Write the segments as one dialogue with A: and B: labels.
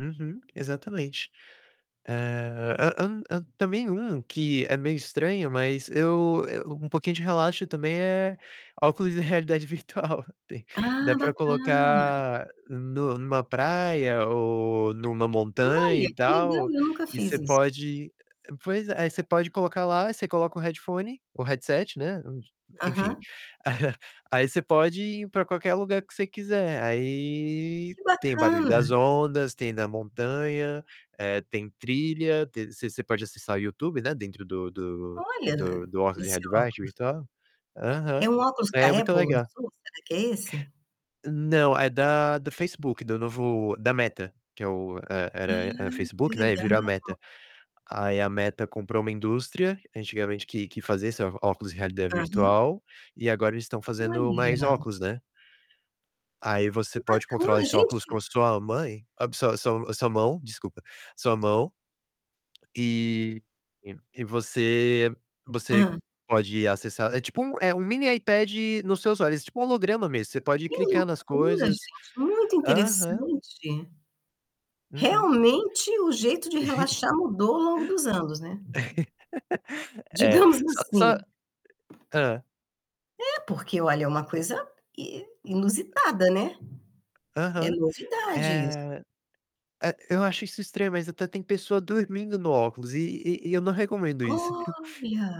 A: Uhum. Exatamente. Eh. Hã hã hã. Também, um que é meio estranho, mas eu eu um pouquinho de relaxo, também, é óculos de realidade virtual. Tem dá
B: Ah,
A: para
B: bacana.
A: colocar nu numa praia ou numa montanha,
B: Olha,
A: e
B: que legal!
A: tal.
B: Eu nunca
A: E você
B: fiz isso.
A: pode pois é. Aí você pode colocar lá, você coloca o headphone o headset, né, enfim.
B: Aham.
A: Aí você pode ir para qualquer lugar que você quiser. Aí
B: Que
A: tem barulho das
B: bacana.
A: ondas, tem na montanha, eh, tem trilha, tem você você pode acessar o YouTube, né, dentro do do do
B: Olha!
A: do óculos de
B: Esse
A: realidade
B: óculos.
A: virtual.
B: É
A: Aham,
B: um óculos que
A: é
B: a
A: muito
B: Apple
A: legal.
B: lançou, será que é esse?
A: Não, é da do Facebook, do novo da Meta. Que é o e era
B: Ah
A: era
B: que
A: Facebook, né, e virou a
B: legal.
A: Meta. Aí a Meta comprou uma indústria, antigamente que que fazia óculos em realidade
B: Aham.
A: virtual. E agora eles estão fazendo mais
B: Olha.
A: óculos, né. Aí você
B: Que
A: pode controlar
B: bacana.
A: esse óculos com
B: Gente
A: a sua mãe sua sua sua mão, desculpa, sua mão. E e você você
B: Hã.
A: pode acessar é tipo um é um mini iPad no seus olhos. É tipo um holograma mesmo, você pode
B: Que
A: clicar nas
B: loucura
A: coisas.
B: gente, muito
A: Aham.
B: interessante.
A: Uhum.
B: Realmente o jeito de relaxar mudou ao longo dos anos, né.
A: É.
B: Digamos
A: Só só
B: assim.
A: Hã.
B: É porque, olha, é uma coisa i inusitada, né. É
A: Aham.
B: novidade isso.
A: Eh. A eu acho isso estranho, mas até tem pessoa dormindo no óculos. E e e eu não recomendo isso.
B: Olha.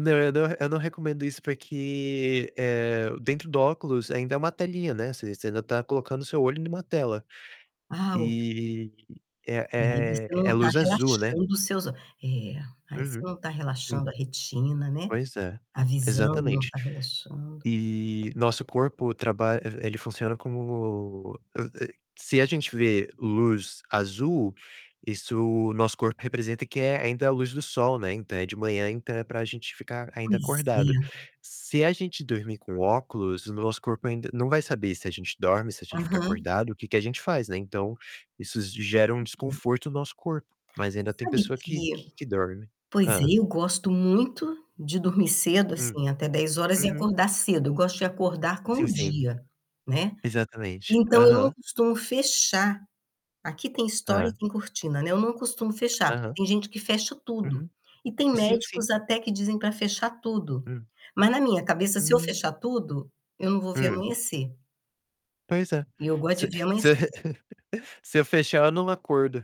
A: Não, eu não eu não recomendo isso porque, eh, dentro do óculos ainda é uma telinha, né. Você você ainda está colocando o seu olho em uma tela.
B: Ah, ok.
A: E e
B: E aí
A: é
B: você
A: é
B: não está
A: luz azul, né.
B: relaxando seus o é, aí você
A: Uhum.
B: não está
A: Hum.
B: relaxando a retina, né.
A: Pois é,
B: A visão não
A: exatamente.
B: está relaxando.
A: E nosso corpo traba e ele funciona como eh, eh, se a gente vê luz azul, isso o nosso corpo representa que é ainda a luz do sol, né. Então é de manhã, então é para gente ficar ainda
B: Pois é.
A: acordado. Se a gente dormir com óculos, o nosso corpo ainda não vai saber se a gente dorme, se a gente fica
B: Aham.
A: acordado, o que que a gente faz, né. Então, isso gera um
B: [unintelligible]
A: desconforto no nosso corpo, mas ainda tem
B: Sabe
A: pessoa que
B: que
A: que que dorme.
B: pois é,
A: Hã.
B: eu gosto muito de dormir cedo,
A: Hum.
B: assim, até 22h e
A: Uhum.
B: acordar cedo, eu gosto de acordar com
A: Sim,
B: o
A: sim.
B: dia, né.
A: Exatamente.
B: Então eu não
A: Aham.
B: costumo fechar. Aqui tem estore e
A: Hã.
B: tem cortina, né, eu não costumo fechar. Porque
A: Aham.
B: tem gente que fecha tudo.
A: Uhum.
B: E tem
A: Sim, sim.
B: médicos até que dizem para fechar tudo.
A: Hum.
B: Mas na minha cabeça se eu
A: Hum.
B: fechar tudo, eu não vou ver
A: Hum.
B: amanhecer.
A: Pois é,
B: E eu gosto
A: se
B: de ver
A: se eu
B: amanhecer.
A: se eu fechar, eu não acordo.